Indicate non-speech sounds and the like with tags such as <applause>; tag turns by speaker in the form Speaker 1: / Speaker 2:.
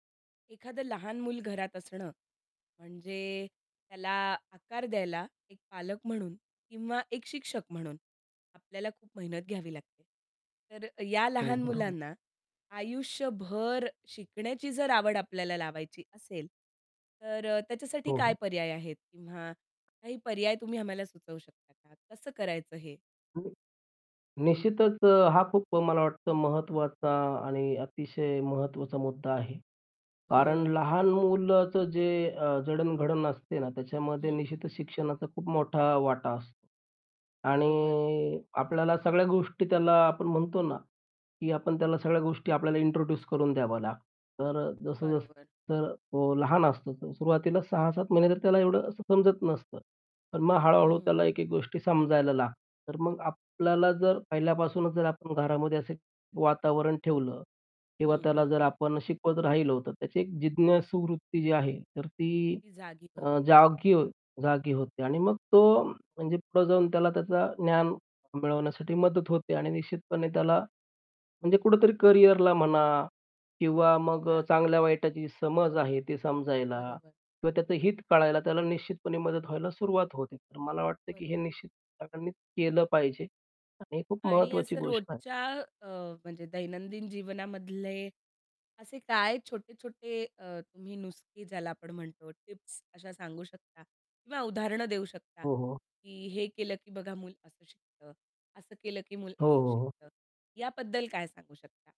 Speaker 1: एखादं लहान मूल घरात असणं म्हणजे त्याला आकार द्यायला एक पालक म्हणून किंवा एक शिक्षक म्हणून आपल्याला खूप मेहनत घ्यावी लागते. तर या
Speaker 2: हो,
Speaker 1: लहान
Speaker 2: बरोबर.
Speaker 1: मुलांना आयुष्यभर शिकण्याची जर आवड आपल्याला लावायची असेल तर अ, त्याच्यासाठी
Speaker 2: हो,
Speaker 1: काय
Speaker 2: हो.
Speaker 1: पर्याय आहेत किंवा काही पर्याय तुम्ही आम्हाला सुचवू शकता का? कसं करायचं हे?
Speaker 2: <unintelligible> निश्चितच अ, हा खूप अ, मला वाटतं महत्वाचा आणि अतिशय महत्त्वाचा मुद्दा आहे. कारण
Speaker 1: हो.
Speaker 2: लहान मुलाचं जे अ, जडणघडण असते ना त्याच्यामध्ये
Speaker 1: हं.
Speaker 2: निश्चितच शिक्षणाचा खूप मोठा वाटा असतो
Speaker 1: बरोबर.
Speaker 2: आणि आपल्याला सगळ्या गोष्टी त्याला, आपण म्हणतो ना, की आपण त्याला सगळ्या गोष्टी आपल्याला इंट्रोड्यूस करून द्याव्या लागतत. तर अ, जसं-जस
Speaker 1: बरोबर.
Speaker 2: तर तो लहान असतो. तर सुरुवातीला सहा
Speaker 1: हं.
Speaker 2: सात महिने तर त्याला असं एवढं असं समजत नसतं. पण मग हळू-हळू
Speaker 1: हम्म.
Speaker 2: त्याला एक एक गोष्टी समजायला लागतात. तर मग आपल्याला जर पहिल्यापासूनच जर आपण घरामध्ये असे वातावरण ठेवलं किंवा
Speaker 1: हं,
Speaker 2: त्याला
Speaker 1: हं,
Speaker 2: जर
Speaker 1: हं.
Speaker 2: आपण शिकवत राहिलो तर त्याची एक जिज्ञासूवूत्ती जी आहे तर ती
Speaker 1: ती जागी
Speaker 2: अ,
Speaker 1: होते.
Speaker 2: जागी हो जागी होते. आणि मग तो म्हणजे पुढे जाऊन त्याला त्याचा ज्ञान मिळवण्यासाठी मदत होते आणि निश्चितपणे त्याला म्हणजे कुठेतरी करिअरला म्हणा किंवा मग अ,
Speaker 1: हां.
Speaker 2: चांगल्या वाईटाची समज आहे ते समजायला
Speaker 1: बरोबर,
Speaker 2: किंवा त्याचं
Speaker 1: हं.
Speaker 2: हित कळायला त्याला निश्चितपणे मदत व्हायला सुरुवात होते. तर मला वाटत की
Speaker 1: बरोबर.
Speaker 2: हे निश्चित सगळ्यांनीच केलं पाहिजे आणि हे खूप
Speaker 1: आणि
Speaker 2: महत्वाची
Speaker 1: असं
Speaker 2: गोष्ट आहे.
Speaker 1: रोजच्या अ, म्हणजे दैनंदिन जीवनामधले असे काय छोटे-छोटे अ, तुम्ही नुस्खे ज्याला आपण म्हणतो टिप्स अशा सांगू शकता किंवा उदाहरणं देऊ शकता
Speaker 2: हो, हो.
Speaker 1: की हे केलं की बघा मूल असं शिकतं? असं केलं की मूल
Speaker 2: हो,
Speaker 1: असं
Speaker 2: हो, हो.
Speaker 1: शिकतं? याबद्दल काय सांगू शकता?